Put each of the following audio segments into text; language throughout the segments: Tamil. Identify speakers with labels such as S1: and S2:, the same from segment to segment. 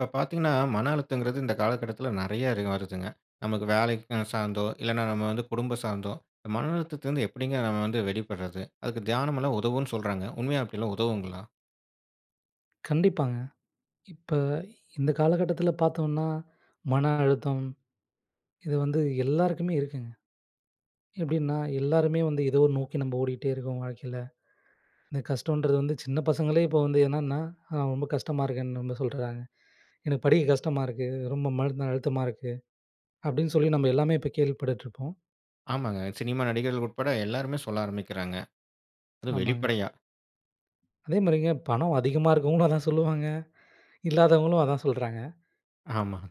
S1: இப்போ, பார்த்தீங்கன்னா, மன அழுத்தம்ங்கறது இந்த காலகட்டத்தில நெறைய இரு வருதுங்க. நமக்கு வேலை சார்ந்தோ இல்லன்னா, நம்ம வந்து குடும்பம் சார்ந்தோ, மன அழுத்தத்தில்வந்து எப்படி நம்ம வந்து வெளிபடுறது அதுக்கு தியானம் எல்லாம் உதவும்ன்னு சொல்றாங்க. உண்மையா அப்படில்லாம் உதவுங்களா?
S2: கண்டிப்பாங்க, இப்ப இந்த காலகட்டத்தில பார்த்தோம்னா மன அழுத்தம். இது வந்து எல்லாருக்குமே இருக்குங்க. எப்படின்னா எல்லாருமே வந்து எதோ ஒரு நோக்கி நம்ம ஓடிட்டே இருக்கோம் வாழ்க்கையில. இந்த கஷ்டம்ன்றது வந்து சின்ன பசங்களே இப்போ வந்து என்னன்னா ரொம்ப கஷ்டமா இருக்குன்னு நம்ம சொல்றாங்க. எனக்கு படிக்க கஷ்டமா இருக்கு. ரொம்ப மன அழுத்தமா இருக்கு அப்படின்னு சொல்லி நம்ம எல்லாமே இப்போ கேள்விபட்டுட்டுருப்போம்.
S1: ஆமாங்க, சினிமா நடிகர்கள் உட்பட எல்லாருமே சொல்ல ஆரம்பிக்கிறாங்க. அதும்
S2: ஆமாங்க.
S1: வெளிப்படையா.
S2: அதேமாதிரிங்க. பணம் அதிகமா இருக்கிறவங்களும் அதான் சொல்லுவாங்க. இல்லாதவங்களும் அதான் சொல்றாங்க.
S1: ஆமாங்க.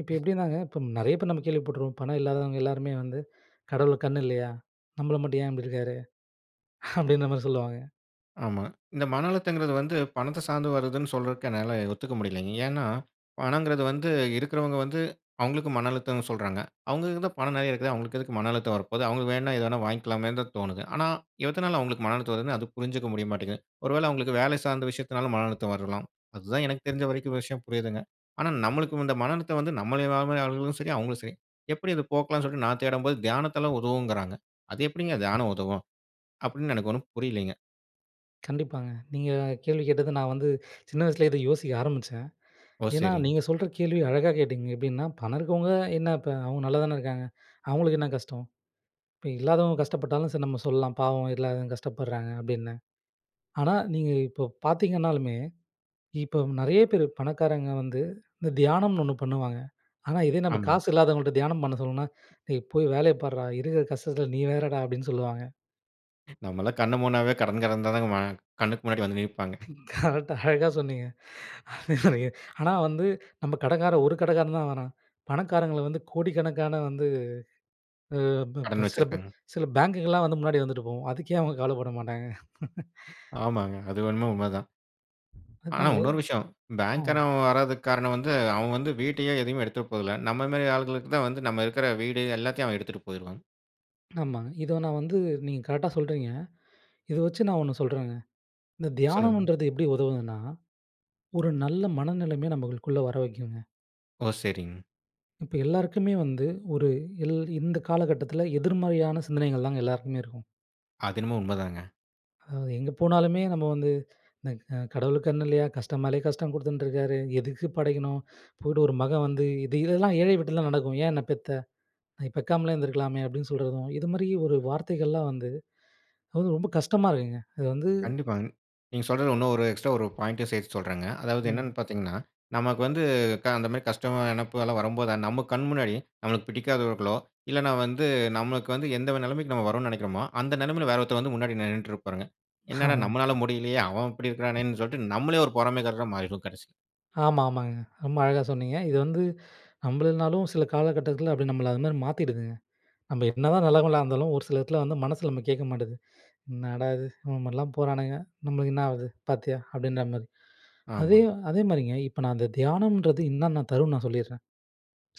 S2: இப்ப எப்படின்னாங்க இப்போ நெறைய பேர் நம்ம கேள்விப்பட்டுருக்கோம். பணம் இல்லாதவங்க எல்லாருமே வந்து கடவுளுக்கு கண் இல்லையா? நம்மள மட்டும் ஏன் இப்படி இருக்காரு அப்படின்ற மாரி சொல்லுவாங்க.
S1: ஆமா. இந்த மன அழுத்தங்கிறது வந்து பணத்த சார்ந்து வருதுன்னு சொல்றதுக்கு என்னால ஒத்துக்க முடியலைங்க. ஏன்னா, பணங்கிறது வந்து இருக்கிறவங்க வந்து அவங்களுக்கு மன அழுத்தம்னு சொல்றாங்க. அவங்களுக்கு தான் பணம் நெறைய இருக்குது. அவங்களுக்கு எதுக்கு மன அழுத்தம் வர போகுது? அவங்களுக்கு வேணா எது வேணா வாங்கிக்கலாமேன்னு தான் தோணுது. ஆனா, எதுனால அவங்களுக்கு மன அழுத்தம் வருதுன்னு அது புரிஞ்சுக்க முடிய மாட்டேங்குது. ஒருவேள அவங்களுக்கு வேலை சார்ந்த விஷயத்துனாலும் மன அழுத்தம் வரலாம். அதுதான் எனக்கு தெரிஞ்ச வரைக்கும் விஷயம் புரியுதுங்க. ஆனா நம்மளுக்கு இந்த மன அழுத்தம் வந்து நம்மள ஆளும் சரி அவங்களும் சரி, எப்படி இதை போக்கலாம்ன்னு சொல்லிட்டு, நான் தேடும்போது தியானத்த உதவுங்கிறாங்க. அது எப்படிங்க தியானம் உதவும்? அப்படின்னு எனக்கு ஒன்னும் புரியலைங்க.
S2: கண்டிப்பாங்க. நீங்க கேள்வி கேட்டது நான் வந்து சின்ன வயசுலயே இதை யோசிக்க ஆரம்பிச்சேன்.
S1: ஓ!
S2: ஏன்னா
S1: சரிங்க.
S2: நீங்க சொல்ற கேள்விய அழகா கேட்டீங்க. எப்படின்னா பணம் இருக்கிறவங்க என்ன இப்ப, அவங்க நல்லாதான இருக்காங்க. அவங்களுக்கு என்ன கஷ்டம்? இப்போ இல்லாதவங்க கஷ்டப்பட்டாலும் சரி நம்ம சொல்லலாம். பாவம் இல்லாதவங்க கஷ்டப்படுறாங்க, அப்படின்னு. ஆனா, நீங்க இப்போ பார்த்தீங்கன்னாலுமே, இப்போ நெறைய பேரு பணக்காரங்க வந்து இந்த தியானம்னு ஒண்ணு பண்ணுவாங்க. ஆனா இதே நம்ம
S1: ஆமாங்க.
S2: காசு இல்லாதவங்கள்ட்ட தியானம் பண்ண சொன்னா டேய் போய் வேலைய பாருடா இருக்கிற கஷ்டத்தில நீ வேறடா அப்படின்னு சொல்லுவாங்க.
S1: நம்மலாம் கண்ண மூடினாவே கடங்க்காரங்க தான வரா கண்ணுக்கு முன்னாடி வந்து நிற்பாங்க.
S2: கரெக்ட் அழகா சொன்னீங்க. ஆனா வந்து நம்ம கடங்காரன் ஒரு கடங்காரன் தான் வேணாம், பணக்காரங்கள வந்து கோடிக்கணக்கான வந்து,
S1: கடன்
S2: சில
S1: வச்சிருக்காங்க.
S2: சில ப பேங்குகள்லாம் வந்து முன்னாடி வந்துட்டு போகும். அதுக்கே அவங்க கவலைப்பட மாட்டாங்க.
S1: ஆமாங்க. அதுவேன்னா, உண்மைதான். ஆனா,
S2: அதாங்க.
S1: இன்னொரு விஷயம். பேங்க்
S2: ஆமா.
S1: காரன் வரதுக்கு காரணம் வந்து அவன் வந்து வீட்டையே எதையும் எடுத்துட்டு போறதில்ல. நம்ம மாதிரி ஆட்களுக்கு தான் வந்து நாம் இருக்குற வீடு எல்லாத்தையும் எடுத்துட்டு போய்டுவான்.
S2: ஆமாங்க. இத நான் வந்து நீங்க கரெக்ட்டா சொல்றீங்க. இத வச்சு நான் 1 சொல்றேங்க இந்த
S1: சொல்லுங்க.
S2: தியானம்ன்றது எப்படி உதவுதுன்னா? ஒரு நல்ல மனநிலைமைய நம்மளுக்குள்ள வர வைக்குங்க.
S1: ஓ! சரிங்க.
S2: இப்போ எல்லாருக்குமே வந்து ஒரு எல் இந்த காலகட்டத்தில எதிர்மறையான சிந்தனைகள் தாங்க எல்லாருக்குமே இருக்கும்.
S1: அது என்னமோ உண்மைதாங்க.
S2: ம், எங்கே போனாலுமே நம்ம வந்து "இந்த கடவுளுக்கு கண்ணு இல்லயா? கஷ்டமாலயே கஷ்டம் கொடுத்துன்டுருக்காரு. எதுக்கு படைக்கணும்? போயிட்டு ஒரு மகன் வந்து, இது இதெல்லாம் ஏழை வீட்ல நடக்கும். ஏன் என்னை பெத்த? பெக்காமலே இருந்துருக்கலாமே!" அப்படின்னு சொல்றதும். இது மாதிரி ஒரு வார்த்தைகள்லாம் வந்து அது வந்து ரொம்ப கஷ்டமா இருக்குங்க. அது வந்து
S1: கண்டிப்பாங்க. நீங்க சொல்றது இன்னும் ஒரு எக்ஸ்ட்ரா ஒரு பாயிண்ட் சேர்த்து சொல்றேங்க. அதாவது என்னென்னு
S2: ம்.
S1: பார்த்தீங்கன்னா, நமக்கு வந்து க அந்த மாதிரி கஷ்டம் மான நினைப்பு எல்லாம் வரும்போது நம்ம கண் முன்னாடி, நம்மளுக்கு பிடிக்காதவர்களோ, இல்லன்னா வந்து நம்மளுக்கு வந்து எந்த நெலமைக்கு நம்ம வரோன்னு நெனைக்கறமோ, அந்த நெலைமையில வேற ஒருத்தர் வந்து முன்னாடி நின்னுட்டு இருப்பாருங்க. என்னடா
S2: ஆமாங்க.
S1: நம்மளால முடியலயே அவன் இப்படி இருக்கறானேன்னு சொல்லி, நம்மளே ஒரு பொறாமைக்காரரா மாறிருவோம் கடைசியில.
S2: ஆமா, ஆமாங்க. ரொம்ப அழகா சொன்னீங்க இது வந்து நம்புளனாலும் சில காலகட்டத்ல அப்படியே நம்மள அது மாதிரி மாத்திடுதுங்க. நம்ம என்னதான் நல்லவங்களா இருந்தாலும். ஒரு சில இடத்தில வந்து மனசு நம்மள கேக்க மாட்டிது "என்னடா இது? இந்த மாதிரிலாம் போறானுங்க. நம்மளுக்கு என்னாவுது பார்த்தியா?" அப்படின்ற மாதிரி அதே
S1: ஆமாங்க.
S2: அதே மாதிரிங்க. இப்ப நான் அந்த தியானம்ன்றது இன்னான்ன தரும்னு நான் சொல்லிர்றேன்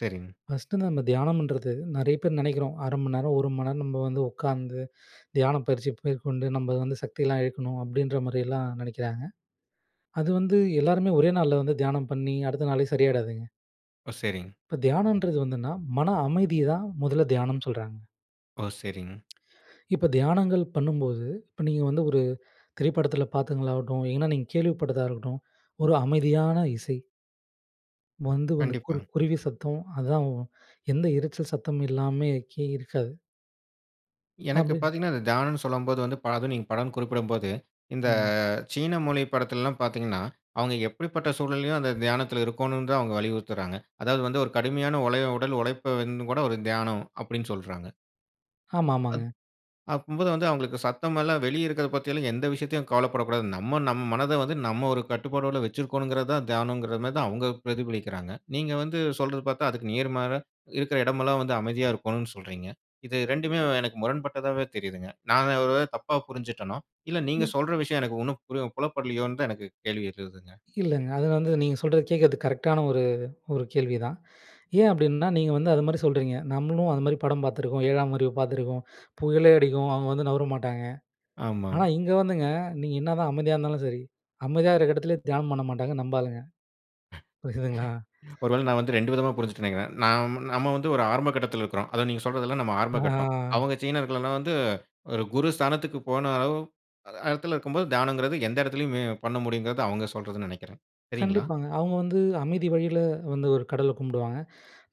S1: சரிங்க.
S2: ஃபர்ஸ்ட்டு வந்து நம்ம தியானம்ன்றது நெறைய பேர் நினைக்கிறோம். "1/2 மணி நேரம், 1 மணி நேரம் நம்ம வந்து உக்காந்து தியானம் பயிற்சி மேற்கொண்டு நம்ம வந்து சக்தியெல்லாம் இழக்கணும்" அப்படின்ற மாதிரியெல்லாம் நெனைக்கிறாங்க. அது வந்து எல்லோருமே ஒரே நாள்ல வந்து தியானம் பண்ணி, அடுத்த நாளே சரியாயிடாதுங்க.
S1: ஓ! சரிங்க.
S2: இப்போ தியானம்ன்றது வந்துன்னா, மன அமைதிய தான் முதல்ல தியானம்னு சொல்றாங்க.
S1: ஓ! சரிங்க.
S2: இப்போ தியானங்கள் பண்ணும்போது இப்போ நீங்க வந்து ஒரு திரைப்படத்துல பாத்ததுங்களாகட்டும், ஏன்னா நீங்க கேள்விப்பட்டதா இருக்கட்டும், ஒரு அமைதியான இசை வந்து வந்து குரு
S1: கண்டிப்பாங்க.
S2: குருவி சத்தம். அதான் எந்த இரைச்சல் சத்தமும் எல்லாமே கே இருக்காது!
S1: எனக்கு
S2: அப்டி
S1: பாத்தீங்கன்னா, அந்த தியானம்னு சொல்லும்போது வந்து, பலதும் நீங்க பலன் குறிப்பிடும் போது, இந்த
S2: ம்.
S1: சீன மொழி படத்துல்லாம் பாத்தீங்கன்னா, அவுங்க எப்படிப்பட்ட சூழ்நிலைலயும் அந்த தியானத்தில இருக்கோணும் தான் அவுங்க வலியுறுத்துறாங்க. அதாவது வந்து, ஒரு கடுமையான ஒலய உடல் உழைப்ப வந்து கூட ஒரு தியானம் அப்படின்னு சொல்றாங்க. அத்
S2: ஆமாமாங்க.
S1: அப்பம்போது வந்து அவுங்களுக்கு சத்தமெல்லாம் வெளிய இருக்கறத பத்தி எல்லாம் எந்த விஷயத்தையும் கவலைப்படக்கூடாது. நம்ம நம் மனத வந்து நம்ம ஒரு கட்டுப்பாட்டோட வச்சிருக்கோணுங்கிறது தான் தியானங்குற மாரி தான் அவுங்க பிரதிபலிக்கிறாங்க. நீங்க வந்து சொல்றத பாத்தா, அதுக்கு நேர்மாற, இருக்குற இடமெல்லாம் வந்து அமைதியா இருக்கோணும்னு சொல்றீங்க. இது 2மே எனக்கு முரண்பட்டதாவே தெரியுதுங்க. நான் ஒ ஒருவேள தப்பா புரிஞ்சுட்டனோ, இல்ல நீங்க
S2: [unintelligible]
S1: சொல்ற விஷயம் எனக்கு ஒண்ணும் புரி புலப்படலயோன்னு தான் எனக்கு கேள்வி எழுதுங்க.
S2: இல்லைங்க, அது வந்து நீங்க சொல்றது, கேக்கிறது கரெக்ட்டானா ஒரு ஒரு கேள்விதான். ஏன் அப்படின்னா, நீங்க வந்து அது மாரி சொல்றீங்க. நம்மளும் அதுமாரி படம் பாத்துருக்கோம். 7ஆம் அறிவு பாத்துருக்கோம். புயலே அடிக்கும் அவுங்க வந்து நவுர மாட்டாங்க.
S1: ஆமா.
S2: ஆனா இங்க வந்துங்க நீங்க என்னாதான் அமைதியா இருந்தாலும் சரி, அமைதியா இருக்க எடத்துல தியானம் பண்ண மாட்டாங்க நம்ப ஆளுங்க. புரிதுங்களா?
S1: ஒருவேள நான் வந்து 2 விதமா புரிஞ்சுட்டேன் நினைக்கிறேன். நாம் நம்ம வந்து ஒரு ஆரம்ப கட்டத்துல இருக்குறோம். அதான் நீங்க சொல்றதெல்லாம் நம்ம ஆரம்ப
S2: ஆ.
S1: கட்டம். அவுங்க சீனர்கள் எல்லாம் வந்து ஒரு குரு ஸ்தானத்துக்கு போன அளவு அ இடத்தில இருக்கும்போது, தியானங்குறது எந்த எடத்துலயுமே பண்ண முடியுங்குறது அவுங்க சொல்றதுன்னு நினைக்கிறேன். சரிங்களா?
S2: கண்டிப்பாங்க, அவுங்க வந்து அமைதி வழியில வந்து ஒரு கடவுள கும்பிடுவாங்க.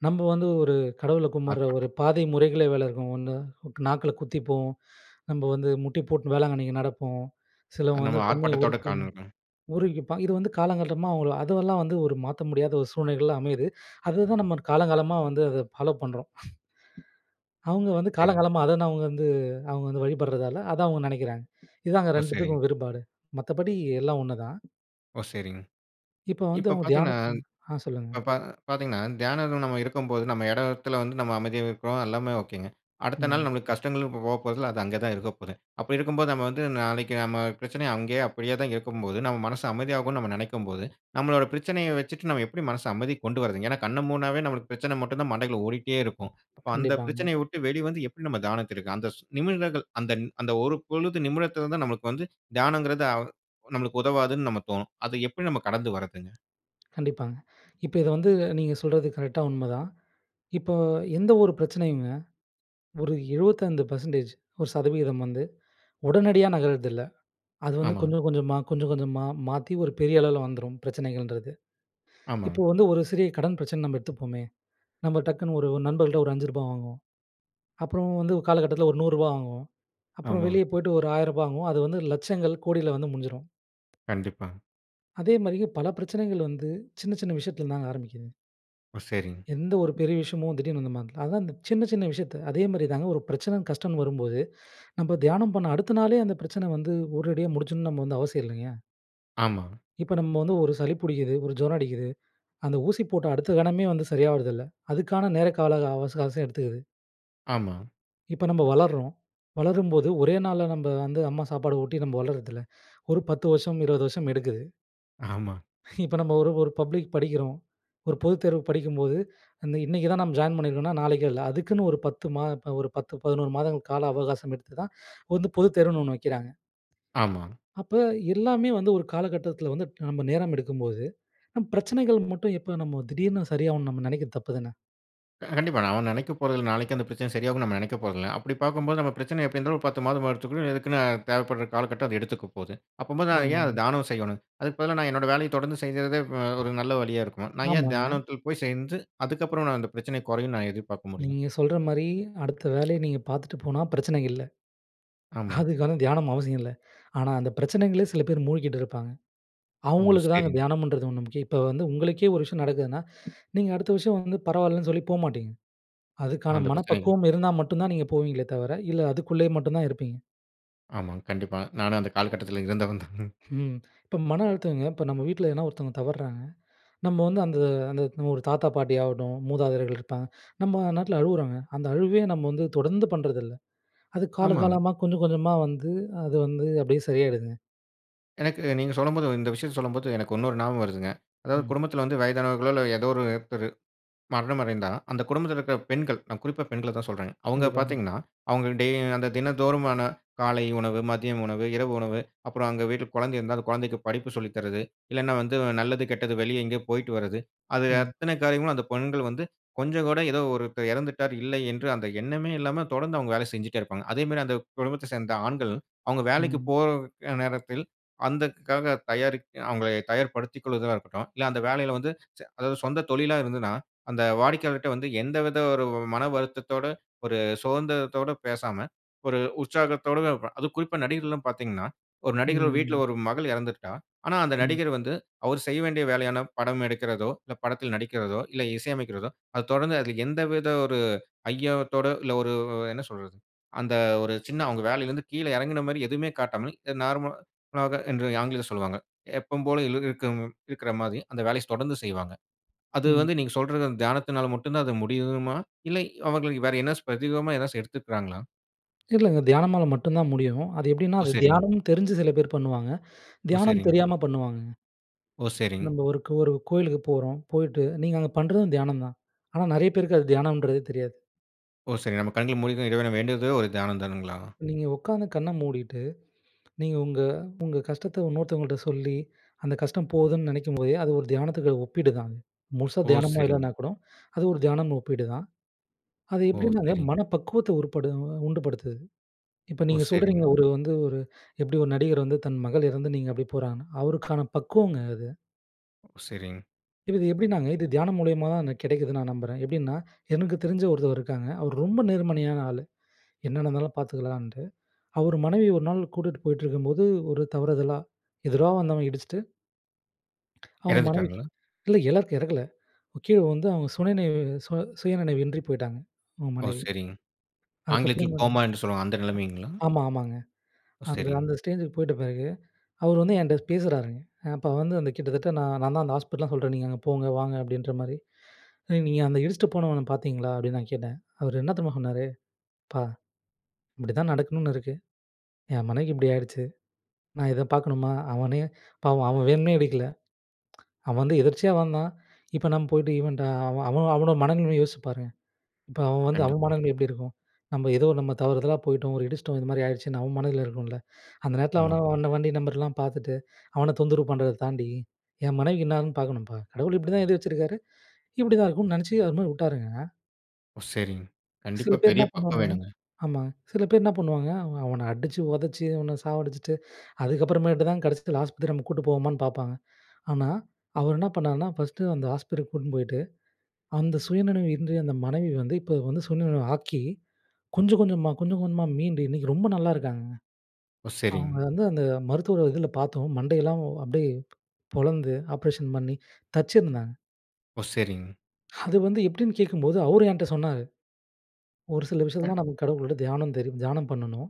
S2: நம்ப வந்து ஒரு கடவுள கும்பிடுற ஒரு
S1: ஆர்ப்பாட்டம்.
S2: பாதை முறைகளே வேற இருக்கும். 1 நாக்குல குத்திப்போம், நம்ப வந்து முட்டி போட்டு வேளாங்கண்ணிக்கு நடப்போம், சிலவங்க
S1: நம்ம
S2: வந்து தன்னையே
S1: ஆர்ப்பாட்டத்தோட.
S2: உருக்கி
S1: [unintelligible]
S2: உருகிப்பான். இது வந்து காலங்காலமா உள்ள அதுவெல்லாம் வந்து ஒரு மாத்த முடியாத ஒரு சூழ்நிலைகளா அமையுது. அதுதான் நம்ம காலங்காலமா வந்து அத ஃபாலோ பண்றோம். அவுங்க வந்து
S1: சரிங்க.
S2: காலங்காலமா அதுதான் அவுங்க வந்து அவுங்க வந்து வழிபடுறதால, அதா அவுங்க நெனைக்கிறாங்க. இதுதாங்க
S1: ஓ! சரிங்க.
S2: 2த்துக்கும் வேறுபாடு. மத்தபடி எல்லாம் 1 தான்.
S1: ஓ! சரிங்க.
S2: இப்ப வந்து
S1: இப்போ
S2: அவங்க
S1: பாத்தீங்கனா
S2: தியானத்து ஆ. சொல்லுங்க.
S1: இப்ப பா பாத்தீங்கன்னா தியானத்தில நம்ம இருக்கும்போது, நம்ம இடத்துல வந்து நம்ம அமைதியாவே இருக்குறோம், எல்லாமே ஓகேங்க. அடுத்த நாள்
S2: ம்.
S1: நம்மளுக்கு கஷ்டங்களும் போ போப்போறதில்ல. அது அங்க தான் இருக்கப்போது. அப்படி இருக்கும்போது, நம்ம வந்து நாளைக்கு நம்ம பிரச்சனை அங்கயே அப்படியே தான் இருக்கும்போது, நம்ம மனசு அமைதியாகும்னு நம்ம நெனைக்கும்போது, நம்மளோட பிரச்சனைய வச்சுட்டு, நம்ம எப்படி மனச அமைதிக்கு கொண்டு வர்றதுங்க? ஏன்னா கண்ண மூடுனாவே நம்மளுக்கு பிரச்சன மட்டும் தான் மண்டைக்குள்ள ஓடிட்டே இருக்கும். அப்போ அந்த
S2: கண்டிப்பாங்க.
S1: பிரச்சனய விட்டு வெளி வந்து, எப்படி நம்ம தியானத்திருக்கு அந்த ஸ் நிமிடங்கள் அந்த அந்த ஒரு பொழுது, நிமிடத்துல தான் நம்மளுக்கு வந்து தியானங்குறது அ நம்மளுக்கு உதவாதுன்னு நம்ப தோணும். அத எப்படி நம்ம கடந்து வர்றதுங்க?
S2: கண்டிப்பாங்க. இப்ப இத வந்து நீங்க சொல்றது கரெக்ட்டா உண்மதான். இப்ப எந்த ஒரு பிரச்சனையும்ங்க, ஒரு 25% ஒரு சதவீதம் வந்து உடனடியா நகர்றதில்ல. அது வந்து
S1: ஆமாங்க.
S2: கொஞ்சம் கொஞ்சமா, கொஞ்சம் கொஞ்சமா மாத்தி ஒரு பெரிய அளவுல வந்துரும், பிரச்சனைகள்ன்றது. இப்போ
S1: ஆமாங்க.
S2: வந்து ஒரு சிறிய கடன் பிரச்சனைனு நம்ம எடுத்துப்போமே, நம்ம டக்குனு ஒரு நண்பர்கள்கிட்ட ஒரு ரூ. 5 வாங்குவோம். அப்புறம் வந்து காலகட்டத்துல ஒரு ரூ. 100 வாங்குவோம். அப்புறம்
S1: ஆமா.
S2: வெளிய போய்ட்டு ஒரு ரூ. 1,000 வாங்குவோம். அது வந்து லட்சங்கள், கோடில வந்து முடிஞ்சுரும்.
S1: கண்டிப்பா.
S2: அதே மாரிங்க, பல பிரச்சனைகள் வந்து சின்ன சின்ன விஷயத்துலிருந்து தாங்க ஆரம்பிக்குது.
S1: ஓ! சரிங்க.
S2: எந்த ஒரு பெரிய விஷயமும் திடீர்ன்னு வந்து. [unintelligible] அதான் இந்த சின்ன சின்ன விஷயத்தை அதே மாரி தாங்க, ஒரு பிரச்சனைனு கஷ்டம்னு வரும்போது, நம்ப தியானம் பண்ண அடுத்த நாளே, அந்த பிரச்சனை வந்து உடனடியா முடிச்சுடணும்னு நம்ப வந்து அவசியம் இல்லைங்க.
S1: ஆமாங்க..
S2: இப்ப நம்ம வந்து ஒரு சளி புடிக்குது. ஒரு ஜுரம் அடிக்குது. அந்த ஊசி போட்ட அடுத்த கணமே வந்து சரியாவுறதில்ல. அதுக்கான நேர கால அவச அவகாசம் எடுத்துக்குது.
S1: ஆமா.
S2: இப்ப நம்ப வளர்றோம். வளரும்போது ஒரே நாள்ல நம்ப வந்து, அம்மா சாப்பாடு ஊட்டி, நம்ப வளர்றதில்ல. ஒரு 10 வருஷம், 20 வருஷம் எடுக்குது.
S1: ஆமா.
S2: இப்ப நம்ம ஒரு ஒரு பப்ளிக்குக்கு படிக்கிறோம். ஒரு பொதுத்தேர்வுக்கு படிக்கும்போது, அந்த இன்னைக்கு தான் நம்ம ஜாயின் பண்ணியிருக்கோம்னா நாளைக்கும் இல்லை, அதுக்குன்னு ஒரு 10 மா ப ஒரு 10, 11 மாதங்கள் கால அவகாசம் எடுத்து தான், வந்து பொதுத்தேர்வுன்னு ஒண்ணு வைக்கிறாங்க.
S1: ஆமா.
S2: அப்ப, எல்லாமே வந்து ஒரு காலகட்டத்துல வந்துட்டு, நம்ம நேரம் எடுக்கும்போது, நம் பிரச்சனைகள் மட்டும் எப்படி நம்ம திடீர்னு சரியாகும்னு நம்ம நெனைக்கிறது தப்புதான.
S1: அ கண்டிப்பா. நாம நினைக்க போறதில்லை. நாளைக்கு அந்த பிரச்சனை சரியாகும்னு நம்ம நினைக்க போறதில்லை. அப்படி பார்க்கும்போது நம்ம பிரச்சனை எப்படி இருந்தாலும் ஒரு 10 மாதமாவது எடுத்துக்குடும், அதுக்குன்னு தேவைப்படுற காலகட்டம் அது எடுத்துக்க போகுது. அப்பம்போது நான் ஏன் அதை
S2: ஆமாங்க.
S1: தியானம் செய்யணும். அதற்கு பதிலா, நான் என்னோட வேலைய தொடர்ந்து செய்யறதே வ ஒரு நல்ல வழியா இருக்குமா? நான் ஏன்
S2: ஆமாங்க.
S1: தியானத்தில போய் செஞ்சு, அதுக்கப்புறம் நான் அந்த பிரச்சனை குறையும்னு, நான் எதிர்பார்க்க முடியும்?
S2: நீங்க சொல்ற மாரி, அடுத்த வேலைய நீங்க பார்த்துட்டு போனா, பிரச்சனை இல்ல.
S1: ஆமா.
S2: அதுக்கு வந்து தியானம் அவசியம் இல்லை. ஆனா, அந்த பிரச்சனைகள்ளே சில பேரு மூழ்கிட்டு இருப்பாங்க.
S1: ஓ!
S2: அவுங்களுக்கு தான், அந்த
S1: சரிங்க.
S2: தியானம்ன்றது ஒண்ணு முக்கியம். இப்ப வந்து உங்களுக்கே ஒரு விஷயம் நடக்குதுன்னா, நீங்க அடுத்த வருஷம் வந்து பரவால்லன்னு சொல்லி போகமாட்டீங்க. அதுக்கான
S1: அந்த பிரச்சனைகள்.
S2: மனப்பக்குவம் இருந்தா மட்டும் தான், நீங்க போவீங்களே தவிர, இல்ல அதுக்குள்ளே மட்டும் தான் இருப்பீங்க.
S1: ஆமாங்க. கண்டிப்பா. நானும் அந்த காலகட்டத்துல இருந்தவன் தான்.
S2: ம். இப்ப மன அழுத்தங்க இப்ப நம்ம வீட்ல எதுனா ஒருத்தவங்க தவறுறாங்க. நம்ம வந்து அந்த அந்த ஒரு தாத்தா, பாட்டி ஆகட்டும். மூதாதையர்கள் இருப்பாங்க. நம்ம நாட்டுல அழுவுறாங்க. அந்த அழுவே நம்ம வந்து தொடர்ந்து பண்றதில்ல. அது
S1: ஆமாங்க.
S2: காலகாலமா கொஞ்சம் கொஞ்சமா வந்து, அது வந்து அப்பிடியே சரியாகிடுதுங்க.
S1: எனக்கு நீங்க சொல்லும்போது இந்த விஷயத்தை சொல்லும்போது, எனக்கு இன்னொரு ஞாபகம் வருதுங்க. அதாவது
S2: ம்.
S1: குடும்பத்துல வந்து வயதானவர்களோ, இல்ல ஏதோ ஒருத்தரு மரணம் அடைந்தா, அந்த குடும்பத்துல இருக்க பெண்கள் நான் குறிப்பா பெண்கள தான் சொல்றேங்க. அவுங்க
S2: கண்டிப்பாங்க.
S1: பார்த்தீங்கன்னா, அவுங்க டே அந்த தினந்தோறுமான காலை உணவு, மதிய உணவு, இரவு உணவு அப்புறம் அங்க வீட்ல குழந்தை இருந்தா, அந்த குழந்தைக்கு படிப்பு சொல்லி தர்றது. இல்லைனா வந்து நல்லது, கெட்டது, வெளிய எங்கயோ போயிட்டு வர்றது, அது
S2: ம்.
S1: அத்தனை காரியமும் அந்த பெண்கள் வந்து கொஞ்சம் கூட, "ஏதோ ஒருத்தர் இறந்துட்டார், இல்லை." என்று அந்த எண்ணமே இல்லாம தொடர்ந்து அவுங்க வேலை செஞ்சுட்டே இருப்பாங்க. அதே மாரி, அந்த குடும்பத்தை சேர்ந்த ஆண்கள், அவுங்க வேலைக்கு
S2: ம்.
S1: போற நேரத்தில் அதற்காக தயாரிக் அவுங்களை தயார்படுத்திக் கொள்ளுதலா இருக்கட்டும். இல்ல, அந்த வேலைல வந்து ச அதாவது சொந்த தொழில இருந்ததுன்னா, அந்த வாடிக்கையாளர்ட்ட வந்து, எந்த வித ஒரு மன வருத்தத்தோட, ஒரு சோர்ந்திரத்தோட பேசாம, ஒரு உற்சாகத்தோடு ப அதுவும் குறிப்பா நடிகர்கள்லாம் பார்த்தீங்கன்னா, ஒரு நடிகர் வீட்ல
S2: ம்.
S1: ஒரு மகள் இறந்துருக்கா. ஆனா அந்த
S2: ம்.
S1: நடிகர் வந்து, அவரு செய்ய வேண்டிய வேலையான படம் எடுக்கிறதோ, இல்லை படத்தில் நடிக்கிறதோ, இல்லை இசை அமைக்கிறதோ, அத தொடர்ந்து அதில் எந்த வித ஒரு ஐயத்தோட இல்லை. ஒரு வ் என்ன சொல்றது, அந்த ஒரு சின்ன அவுங்க வேலைலிருந்து கீழே இறங்கின மாரி எதுவுமே காட்டாமல், அ நார்மலாக என்று ஆங்கிலத்தில் சொல்லுவாங்க. எப்பவும் போல இலுருக்கம் இருக்கிற மாரி, அந்த வேலைய ஸ் தொடர்ந்து செய்வாங்க. அது
S2: ம்.
S1: வந்து நீங்க சொல்ற அந்த தியானத்தினால மட்டும் தான் அது முடியுமா? இல்லை, அவர்கள் வேற என்னாச்சும் பிரத்யேகமா ஏதாச்சு எடுத்துக்கிறாங்களா?
S2: தெரிலைங்க, தியானமால மட்டும் தான் முடியும். அது எப்படீன்னா
S1: ஓ!
S2: அது
S1: சரிங்க.
S2: தியானமுன்னு தெரிஞ்சு சில பேர் பண்ணுவாங்க.
S1: ஓ!
S2: தியானம்ன்னு
S1: சரிங்க.
S2: தெரியாம பண்ணுவாங்கங்க.
S1: ஓ! சரிங்க.
S2: நம்ம ஒருக் ஒரு கோயிலுக்கு போறோம். போயிட்டு, நீங்க அங்க பண்ணுறதும் தியானம் தான். ஆனா, நெறைய பேருக்கு அது தியானம்ன்றதே தெரியாது.
S1: ஓ! சரிங்க. நம்ம கண்கள மூடிட்டு, இறைவன வேண்டுறதே ஒரு தியானம் தானங்களா?
S2: நீங்க உட்காந்து கண்ணை மூடிட்டு, நீங்க உங்க உங்க கஷ்டத்த இன்னொருத்தவங்கட்ட சொல்லி, அந்த கஷ்டம் போகுதுன்னு நெனைக்கும்போதே, அது ஒரு தியானத்துக்கு அது ஒப்பீடு தாங்க. முழுசா
S1: ஓ!
S2: தியானமா
S1: சரிங்க.
S2: இல்லான்னா கூட, அது ஒரு தியானம் ஒப்பீடு தான். அது
S1: ஓ!
S2: எப்படின்னாங்க,
S1: சரிங்க.
S2: மன பக்குவத்த உருப்படு உண்டுபடுத்துது. இப்ப
S1: ஓ!
S2: நீங்க சொல்றீங்க,
S1: சரிங்க.
S2: ஒரு வந்து ஒரு எப்படி 1 நடிகர் வந்து, தன் மகள் இறந்து நீங்க அப்படி போறாங்கன்னு. அவருக்கான பக்குவங்க அது.
S1: ஓ! சரிங்க.
S2: இப்ப இது எப்படினாங்க? இது தியானம் மூலியமா தான் எனக்கு கிடைக்குதுன்னு நான் நம்புறேன். எப்படின்னா எனக்கு தெரிஞ்ச ஒருத்தர் இருக்காங்க. அவர் ரொம்ப நேர்மையான ஆளு. என்ன நடந்தாலும் பார்த்துக்கலான்ட்டு. அவர் மனைவியை 1 நாள் கூட்டிட்டு போயிட்டுருக்கும்போது, ஒரு தவறுதலா எதிரா வந்தவன் இடிச்சிட்டு அவங்க மனைவிக்கு
S1: இறந்துட்டாங்களா?
S2: இல்ல, இலக்கு இறக்கல. கீழ வுழுந்து அவங்க சுய நினைவு சு சுயநினைவு இன்றி போய்ட்டாங்க, அவங்க
S1: ஓ!
S2: மனைவி.
S1: சரிங்க. ஆங்கிலத்தில,
S2: அதுக்கப்பறம்
S1: "கோமா" என்று சொல்லுவாங்க. அந்த
S2: [unintelligible]
S1: நெலைமைங்களா?
S2: ஆமா, ஆமாங்க.
S1: ஓ!
S2: அந்த
S1: சரிங்க.
S2: அந்த ஸ்டேஜுக்கு போயிட்ட பிறகு, அவரு வந்து என்ட்ட பேசுறாருங்க. அப்ப வந்து அந்த கிட்டத்தட்ட நான் நான்தான் அந்த ஹாஸ்பிட்டல்லாம் சொல்றேன். "நீங்க அங்க போங்க, வாங்க." அப்படீன்ற மாரி. "நீ நீங்க அந்த இடிச்சுட்டு போனவன பார்த்தீங்களா." அப்படீன்னு நான் கேட்டேன். அவர் என்ன தெரியுமா சொன்னாரு. "அப்பா! இப்படிதான் நடக்கணும்னு இருக்கு. என் மனைக்கு இப்படி ஆயிருச்சு. நான் இதை பார்க்கணுமா. அவனே பாவம். அவன் வேணும்னே இடிக்கல. அவன் வந்து எதிர்ச்சியா வந்தான். இப்ப நம்ம போயிட்டு இவன்ட்ட அவன் அவன் அவனோட மனநிலமைய யோசிச்சு பாருங்க. இப்ப அவன் வந்து அவன்
S1: கண்டிப்பா.
S2: மனநிலமை எப்படி இருக்கும்? நம்ப ஏதோ நம்ப தவறுதலா போயிட்டோம். ஒரு இடிச்சிட்டோம். இது மாதிரி ஆயிருச்சுன்னு, அவன் மனநில இருக்கும்ல. அந்த நேரத்தில அவனும்
S1: ஆமாங்க.
S2: அந்த வண்டி நம்பர்லாம் பார்த்துட்டு, அவன தொந்தரவு பண்ணுறத தாண்டி, என் மனைவிக்கு என்னாகுதுன்னு பார்க்கணும்ப்பா, கடவுள் இப்படிதான் எழுதி வச்சிருக்காரு, இப்படி தான் இருக்கும்ன்னு நெனைச்சு." அது மாரி வுட்டாருங்க.
S1: ஓ! சரிங்க.
S2: சில
S1: கண்டிப்பா
S2: பேர்
S1: பெரிய
S2: என்னா
S1: பக்குவம்
S2: பண்ணுவாங்க
S1: வேணுங்க.
S2: ஆமா. சில பேர் என்னா பண்ணுவாங்க? அவ அவன அடிச்சு, உதைச்சு, இவன சாவடிச்சுட்டு, அதுக்கப்புறமேட்டு தான் கடைசியில ஹாஸ்பத்திரி நம்ம கூட்டிட்டு போவோமான்னு பார்ப்பாங்க. ஆனா அவர் என்னா பண்ணாருன்னா, ஃபர்ஸ்ட்டு அந்த ஹாஸ்பித்திரிக்கு கூட்டின்னு போயிட்டு, அந்த சுயநினைவு இன்றி அந்த மனைவி வந்து, இப்போ வந்து சுயநினைவு ஆக்கி கொஞ்சம் கொஞ்சமா, கொஞ்சம் கொஞ்சமா மீண்டு, இன்னைக்கு ரொம்ப நல்லா இருக்காங்கங்க.
S1: ஓ! சரிங்க.
S2: அவங்க வந்து அந்த மருத்துவ இதில பார்த்தோம். மண்டையெல்லாம் அப்படியே பொளந்து, ஆப்பரேஷன் பண்ணி, தச்சிருந்தாங்க.
S1: ஓ! சரிங்க.
S2: அது வந்து எப்படீன்னு கேட்கும்போது, அவரு ஏன்ட்ட சொன்னாரு. "ஒரு சில
S1: அ.
S2: விஷயத்துலலாம் நமக்கு கடவுள விட தியானம் தெரியு தியானம் பண்ணணும்.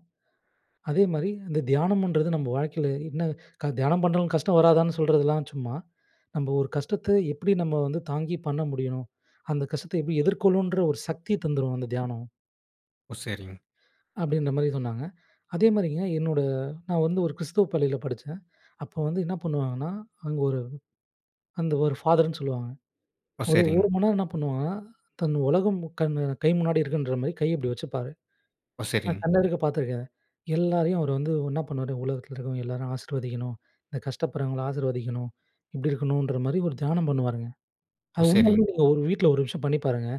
S2: அதே மாதிரி அந்த தியானம்ன்றது நம்ப வாழ்க்கையில என்ன க தியானம் பண்ணாலும் கஷ்டம் வராதான்னு சொல்றதெல்லாம் சும்மா. நம்ம ஒரு கஷ்டத்த எப்படி நம்ம வந்து தாங்கி பண்ண முடியணும்? அந்த கஷ்டத்த எப்படி எதிர்கொள்ளணுன்ற ஒரு சக்திய தந்துரும், அந்த தியானம்."
S1: ஓ! சரிங்க.
S2: அப்படீன்ற மாரி சொன்னாங்க. அதே மாதிரி என் என்னோட நான் வந்து ஒரு கிறிஸ்தவ பள்ளியில படிச்சேன். அப்போ வந்து என்னா பண்ணுவாங்கன்னா, அங்க ஒரு அந்த ஒரு ஃபாதர்ன்னு சொல்லுவாங்க.
S1: ஓ!
S2: ஒரு
S1: சரிங்க.
S2: 1 மணி நேரம் என்ன பண்ணுவாங்கன்னா, தன் உலகம் கண் கை முன்னாடி இருக்குன்ற மாரி, கை இப்படி வச்சுப்பாரு.
S1: ஓ!
S2: நான்
S1: சரிங்க.
S2: கண்ணெதிர்க்க பார்த்துருக்கேன். எல்லாரையும் அவர் வந்து என்னா பண்ணுவாரு? உலகத்தில இருக்கிறவங்க எல்லாரையும் ஆசீர்வதிக்கணும். இந்த கஷ்டப்படுறவங்கள ஆசிர்வதிக்கணும். இப்படி இருக்கணுன்ற மாரி ஒரு தியானம் பண்ணுவாருங்க.
S1: ஓ!
S2: அது
S1: சரிங்க.
S2: உண்மையிலயே நீங்க ஒரு வீட்டில 1 நிமிஷம் பண்ணி பாருங்க.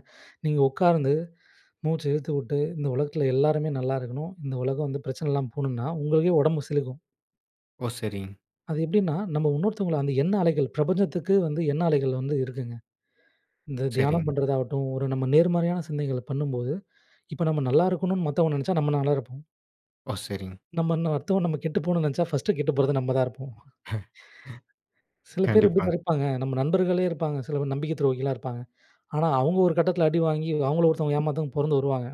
S2: நீங்க உட்கார்ந்து மூச்ச இழுத்து வுட்டு, இந்த உலகத்தில எல்லாருமே நல்லா இருக்கணும். இந்த உலகம் வந்து பிரச்சன இல்லாம போணும்னா, உங்களுக்கே உடம்பு சிலிர்க்கும்.
S1: ஓ! சரிங்க
S2: அது எப்டின்னா, நம்ம இன்னொருத்தவங்கள அந்த எண்ண அலைகள் பிரபஞ்சத்துக்கு வந்து எண்ண அலைகள் வந்து இருக்குங்க. இந்த தியானம்
S1: சரிங்க.
S2: பண்றது ஆகட்டும், ஒரு நம்ம நேர்மறையான சிந்தனைகள பண்ணும்போது, இப்ப நம்ம நல்லா இருக்கணும்ன்னு மத்தவங்க நெனைச்சா நம்ம நல்லாருப்போம்.
S1: ஓ! சரிங்க.
S2: நம்ம என்ன அடுத்தவங்க நம்ம கெட்டு போணும்னு நெனைச்சா, ஃபர்ஸ்ட் கெட்டு போறது நம்ம தான் இருப்போம். சில பேர் எப்டி
S1: கண்டிப்பாங்க.
S2: நெனைப்பாங்க? நம்ம நண்பர்களே இருப்பாங்க, சில பேர் நம்பிக்கை துரோகிகளா இருப்பாங்க. ஆனா, அவங்க ஒரு கட்டத்தில அடி வாங்கி, அவங்கள ஒருத்தவங்க ஏமாத்த பொறந்து வருவாங்க.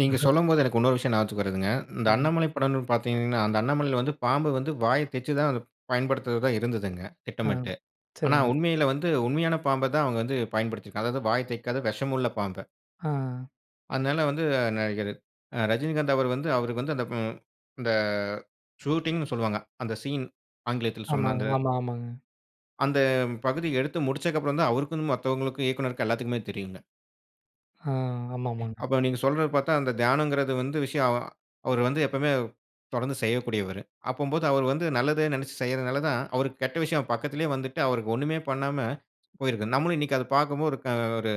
S1: நீங்க சொல்லும்போது எனக்கு இன்னொரு விஷயம் ஞாபகத்துக்கு வருதுங்க. இந்த
S2: ம்.
S1: அண்ணாமலை படம்னு பார்த்தீங்கன்னா அந்த அண்ணாமலையில வந்து பாம்பு வந்து வாய தெச்சு தான் பயன்படுத்துவதா இருந்ததுங்க,
S2: ஆ,
S1: திட்டமிட்டு ஆனா
S2: சரிங்க.
S1: உண்மையில வந்து உண்மையான பாம்ப தான் அவங்க வந்து பயன்படுத்திருக்காங்க. அதாவது வாய தைக்காத விஷமுள்ள பாம்ப.
S2: ஆ.
S1: அதனால வந்து நடிகர் அ ரஜினிகாந்த் அவர் வந்து, அவருக்கு வந்து அந்த ம் இந்த ஷூட்டிங்ன்னு சொல்வாங்க. அந்த சீன் ஆங்கிலத்தில் சொன்ன
S2: ஆமாங்க,
S1: அந்த
S2: ஆமா, ஆமாங்க.
S1: அந்த பகுதி எடுத்து முடிச்சதுக்கப்புறம் தான் அவருக்கும், மத்தவங்களுக்கும், இயக்குனருக்கும் எல்லாத்துக்குமே தெரியும்ங்க.
S2: அ, ஆமாமாங்க.
S1: அப்ப நீங்க சொல்றத பார்த்தா, அந்த தியானங்குறது வந்து விஷயம் அ அவரு வந்து எப்பமே தொடர்ந்து செய்யக்கூடியவரு. அப்போம்போது அவர் வந்து நல்லதே நெனைச்சு செய்றதனால தான், அவருக்கு கெட்ட விஷயம் பக்கத்திலேயே வந்துட்டு, அவருக்கு ஒண்ணுமே பண்ணாம போயிருக்கு. நம்மளும் இன்னைக்கு அத பார்க்கும்போது ஆ ஒரு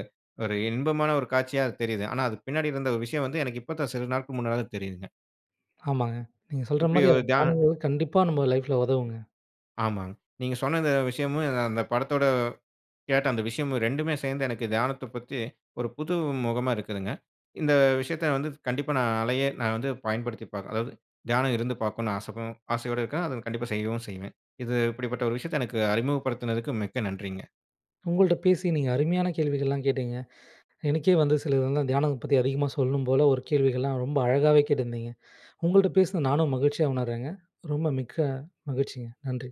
S1: ஒரு இன்பமான ஒரு காட்சியா தெரியிது. ஆனா அது பின்னாடி இருந்த ஒரு விஷயம் வந்து எனக்கு இப்ப தான் சில நாட்கள் முன்னாடி தான் தெரியுதுங்க.
S2: ஆமாங்க. நீங்க சொல்ற
S1: இப்டி
S2: மாரி
S1: ஒரு
S2: அத
S1: தியா
S2: [unintelligible] கண்டிப்பா நம்ம லைஃப்ல உதவும்ங்க.
S1: ஆமாங்க. நீங்க சொன்ன இந்த விஷயமும், அந்த படத்தோட கேட்ட அந்த விஷயமும் 2டுமே சேர்ந்து எனக்கு தியானத்தப் பத்தி ஒரு புது முகமா இருக்குதுங்க. இந்த விஷயத்த வந்து கண்டிப்பா நான் அலையே நான் வந்து பயன்படுத்தி பார்க்குறேன். அதாவது தியானம் இருந்து பார்க்கணும் ஆசைதா ஆசையோட இருக்கேன். அத கண்டிப்பா செய்யவும் செய்வேன். இது இப்டிப்பட்ட ஒரு விஷயத்த எனக்கு அறிமுகப்படுத்தினதுக்கு, மிக்க நன்றிங்க!
S2: உங்கள்ட்ட பேசி நீங்க அருமையான கேள்விகள்லாம் கேட்டீங்க. எனக்கே வந்து சில இதெல்லாம் தியானத்த பத்தி அதிகமா சொல்லணும் போல ஒரு கேள்விகள்லாம் ரொம்ப அழகாவே கேட்ருந்திங்க. உங்கள்ட்ட பேசுன நானும் மகிழ்ச்சியா உணருறேங்க. ரொம்ப மிக்க மகிழ்ச்சிங்க. நன்றி.